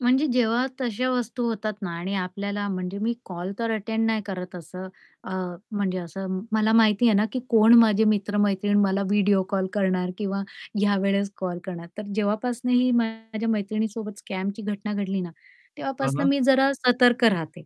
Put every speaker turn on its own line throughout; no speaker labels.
म्हणजे जेव्हा तशा वस्तू होतात ना आणि आपल्याला म्हणजे मी कॉल तर अटेंड नाही करत असं अ, म्हणजे असं मला माहिती आहे ना, की कोण माझे मित्र-मैत्रीण मला व्हिडिओ कॉल करणार? किंवा यावेळेस कॉल करणार. तर जेव्हापासून ही माझ्या मैत्रिणीसोबत स्कॅमची घटना घडली ना,
हां,
तेव्हापासून
हां.
मी जरा सतर्क राहते.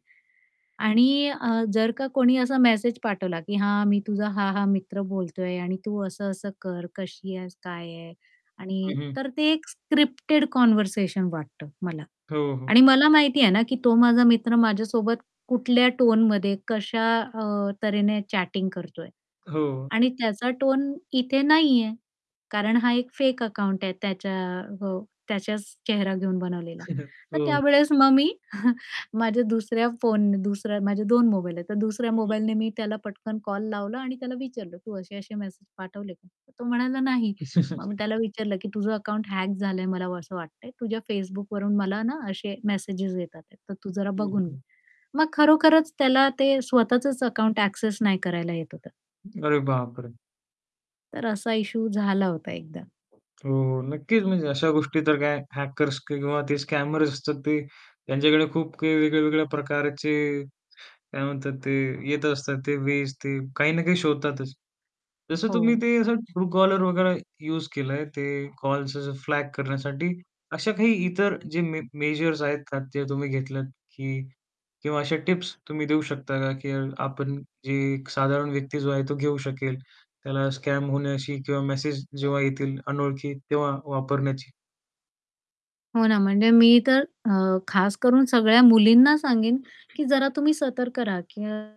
आणि अ, जर का कोणी असा मेसेज पाठवला, की "हां, मी तुझा हा-हा मित्र बोलतोय आणि तू असं-असं कर, कशी आहेस, काय आहे? आणि"
हं, हं.
तर ते एक स्क्रिप्टेड कन्व्हर्सेशन वाटतं मला.
हो, हो.
आणि मला माहिती आहे ना, की तो माझा मित्र माझ्यासोबत कुठल्या टोनमध्ये कशा अ, तऱ्हेने चॅटिंग करतोय.
हो.
आणि त्याचा टोन इथे नाहीये. कारण हा एक फेक अकाउंट आहे त्याच्या हो, त्याच्याच चेहरा घेऊन बनवलेला. तर
हो.
त्यावेळेस मग मी माझ्या दुसऱ्या फोन दुसऱ्या माझे 2 मोबाईल आहेत. तर दुसऱ्या
हं, हं.
मोबाईलने मी त्याला पटकन कॉल लावला आणि त्याला विचारलं, "तू असे-असे मेसेज पाठवले का?" तो म्हणाला, "नाही." मग मी त्याला
[unintelligible]
विचारलं, की "तुझं अकाउंट हॅक झालंय मला असं वाटतंय. तुझ्या Facebookवरून मला ना असे मेसेज येत आहेत. तर तू जरा
हं,
बघून घे."
हं.
मग खरोखरच त्याला ते स्वतःचंच अकाउंट एक्सेस नाही करायला येत होतं.
अरे बापरे!
तर असा इश्यू झाला होता एकदा.
हो. हो. नक्कीच म्हणजे अशा गोष्टी तर काय हॅकर्स किंवा ते स्कॅमर्स असतात ते त्यांच्याकडे खूप काही वेगळ्या-वेगळ्या प्रकारचे काय म्हणतात ते येत असतात. ते वेज ते काही ना काही शोधतातच. जसं तुम्ही
हो.
ते असं ट्रू-कॉलर वगैरे युज केलंय, ते कॉल्स जसं फ्लॅग करण्यासाठी, अशा काही इतर जे मे मेजर्स आहेत जे तुम्ही घेतलात, की. किंवा अशा टिप्स तुम्ही देऊ शकता का? की आपण जी एक साधारण व्यक्ती जो आहे तो घेऊ शकेल. त्याला स्कॅम होण्याची किंवा मेसेज जेव्हा येतील अनोळखी तेव्हा वापरण्याची.
हो ना. म्हणजे मी तर अ, खास करून सगळ्या मुलींना सांगेन, की जरा तुम्ही सतर्क रहा की